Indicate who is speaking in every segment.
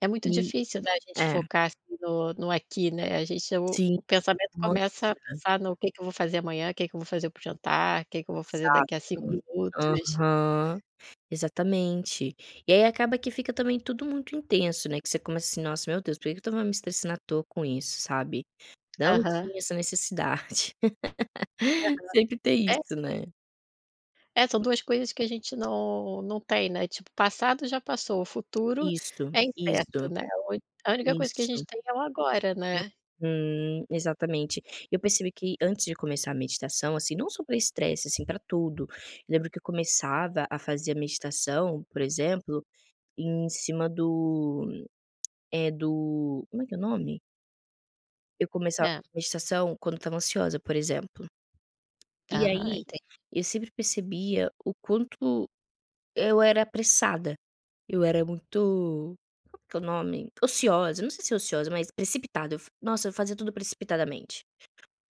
Speaker 1: É muito
Speaker 2: E
Speaker 1: difícil, né, a gente
Speaker 2: é.
Speaker 1: focar no no aqui, né, a gente é o
Speaker 2: Sim.
Speaker 1: o pensamento
Speaker 2: Nossa!
Speaker 1: começa a pensar no que que eu vou fazer amanhã, que que eu vou fazer para o jantar, que que eu vou fazer
Speaker 2: Exato.
Speaker 1: daqui a 5 minutos.
Speaker 2: Aham, exatamente. E aí acaba que fica também tudo muito intenso, né, que você começa, assim: "Nossa, meu Deus! Por que que eu estava me estressando atoa com isso? Sabe, não
Speaker 1: Aham.
Speaker 2: tinha essa necessidade".
Speaker 1: Aham.
Speaker 2: Sempre tem
Speaker 1: É
Speaker 2: isso,
Speaker 1: [unintelligible]
Speaker 2: né.
Speaker 1: É, são 2 coisas que a gente não não tem, né, tipo, o passado já passou, o futuro
Speaker 2: Isso,
Speaker 1: é incerto,
Speaker 2: isso.
Speaker 1: né, hoje a única coisa que a gente
Speaker 2: Isso.
Speaker 1: tem é o agora, né.
Speaker 2: Uhum. Exatamente. Eu percebi que antes de começar a meditação, assim, não só para estresse, assim, para tudo, eu lembro que eu começava a fazer a meditação, por exemplo, em cima do eh, do como é que é o nome? Eu começava
Speaker 1: É.
Speaker 2: a meditação quando eu estava ansiosa por exemplo. E
Speaker 1: Aham,
Speaker 2: aí,
Speaker 1: enten
Speaker 2: eu sempre percebia o quanto eu era apressada, eu era muito como que é o nome? Ociosa, eu não sei se é ociosa, mas precipitada, eu f nossa, eu fazia tudo precipitadamente.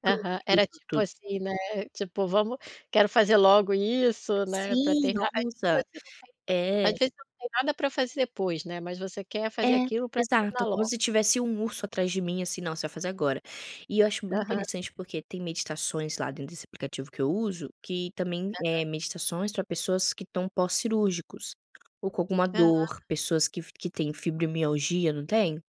Speaker 2: Tudo,
Speaker 1: Aham.
Speaker 2: tudo,
Speaker 1: Era, tipo
Speaker 2: tudo.
Speaker 1: assim, né, tipo: "Vamos quero fazer logo isso, né, para
Speaker 2: Sim,
Speaker 1: terminar"
Speaker 2: nossa,
Speaker 1: [unintelligible] às
Speaker 2: é.
Speaker 1: vezes, não tem nada para fazer depois, né, mas você quer fazer
Speaker 2: É.
Speaker 1: aquilo para terminar
Speaker 2: Exato, como
Speaker 1: logo.
Speaker 2: se tivesse um urso atrás de mim, assim: "Não, você vai fazer agora". E eu acho muito
Speaker 1: Aham.
Speaker 2: interessante porque tem meditações lá dentro desse aplicativo que eu uso que também eh,
Speaker 1: Aham.
Speaker 2: meditações para pessoas que estão pós-cirúrgicos ou com alguma
Speaker 1: Aham.
Speaker 2: dor, pessoas que fi que têm fibromialgia, não têm?